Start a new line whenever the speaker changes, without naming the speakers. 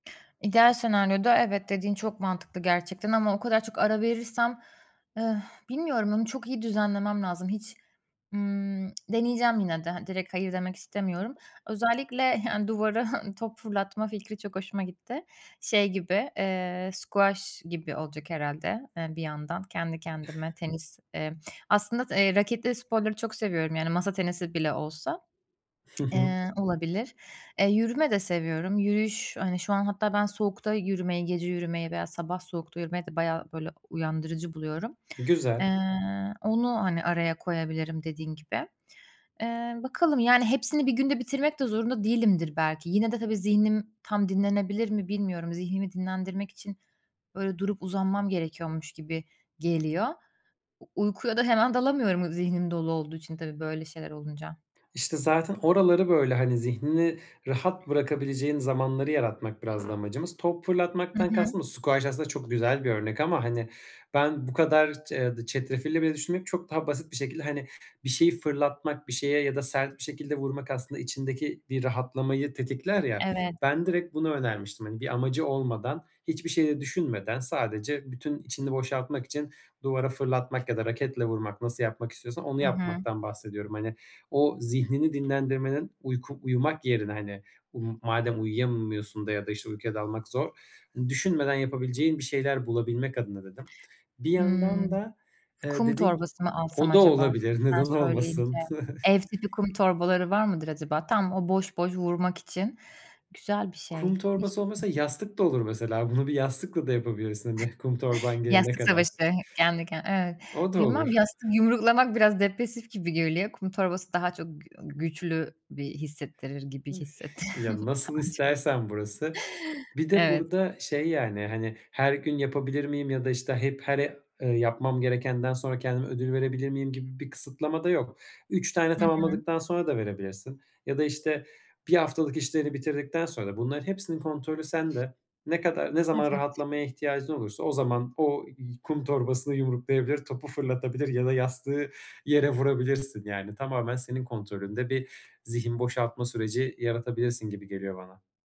İdeal senaryoda, evet, dediğin çok mantıklı gerçekten ama o kadar çok ara verirsem, bilmiyorum onu çok iyi düzenlemem lazım. Hiç, ımm, deneyeceğim yine de. Hani, direkt "hayır" demek istemiyorum. Özellikle, yani, duvara top fırlatma fikri çok hoşuma gitti. Şey, gibi, eee, squash gibi olacak herhâlde, eee, bir yandan kendi kendime tenis, eee, aslında, t eee, raketli sporları çok seviyorum. Yani, masa tenisi bile olsa.
Hı hı.
Eee, olabilir. E, yürüme de seviyorum. Yürüyüş, hani, şu an hatta ben soğukta yürümeyi, gece yürümeyi veya sabah soğukta yürümeyi de bayağı, böyle, uyandırıcı buluyorum.
E, güzel.
Eee, onu, hani, araya koyabilirim dediğin gibi. Eee, bakalım, yani, hepsini bir günde bitirmek de zorunda değilimdir belki. Yine de, tabii, zihnim tam dinlenebilir mi, bilmiyorum. Zihnimi dinlendirmek için, böyle, durup uzanmam gerekiyormuş gibi geliyor. U uykuya da hemen dalamıyorum o zihnim dolu olduğu için tabii böyle şeyler olunca.
İşte, zaten oraları, böyle, hani, zihnini rahat bırakabileceğin zamanları yaratmak biraz da amacımız. Top
Hı
fırlatmaktan
hı.
kastım da, squash aslında çok güzel bir örnek ama, hani, ben bu kadar ce eee, çetrefilli bile düşünmeyip çok daha basit bir şekilde, hani, bir şeyi fırlatmak bir şeye ya da sert bir şekilde vurmak aslında içindeki bir rahatlamayı tetikler ya,
Evet.
ben direkt bunu önermiştim, hani, bir amacı olmadan, hiçbir şeyi de düşünmeden sadece bütün içini boşaltmak için duvara fırlatmak ya da raketle vurmak, nasıl yapmak istiyorsan onu
I hı.
yapmaktan bahsediyorum. Hani, o zihnini dinlendirmenin uyku uyumak yerine, hani, um madem uyuyamıyorsun da ya da, işte, uykuya dalmak zor. Düşünmeden yapabileceğin bir şeyler bulabilmek adına dedim. Bir yandan
Hımm.
da, eee,
Kum
dedin ki
torbası mı alsam
O da
acaba? Şimdi
olabilir neden
sen söyleyince,
olmasın.
ev tipi kum torbaları var mıdır acaba? Tam o boş boş vurmak için güzel bir
Kum
şey. Hiç
torbası olmuyorsa
düşünme
yastık da olur mesela. Bunu bir yastıkla da yapabilirsin, hani, kum torban gelene
Yastık
kadar.
savaşı kendi ken Evet.
O da
Bilmem,
olur.
yastık yumruklamak biraz depresif gibi geliyor. Kum torbası daha çok g güçlü, bir, hissettirir gibi hissettim
Ya, nasıl
daha çok.
istersen burası. Bir de
Evet.
burada, şey, yani, hani, "Her gün yapabilir miyim?" ya da, işte, hep, her e "Yapmam gerekenden sonra kendime ödül verebilir miyim?" gibi bir kısıtlama da yok. 3 tane
Hı hı.
tamamladıktan sonra da verebilirsin ya da, işte, 1 haftalık işlerini bitirdikten sonra. Bunlar hepsinin kontrolü sende. Ne kadar ne zaman
Evet.
rahatlamaya ihtiyacın olursa o zaman o y kum torbasını yumruklayabilir, topu fırlatabilir ya da yastığı yere vurabilirsin, yani, tamamen senin kontrolünde bir zihin boşaltma süreci yaratabilirsin gibi geliyor bana.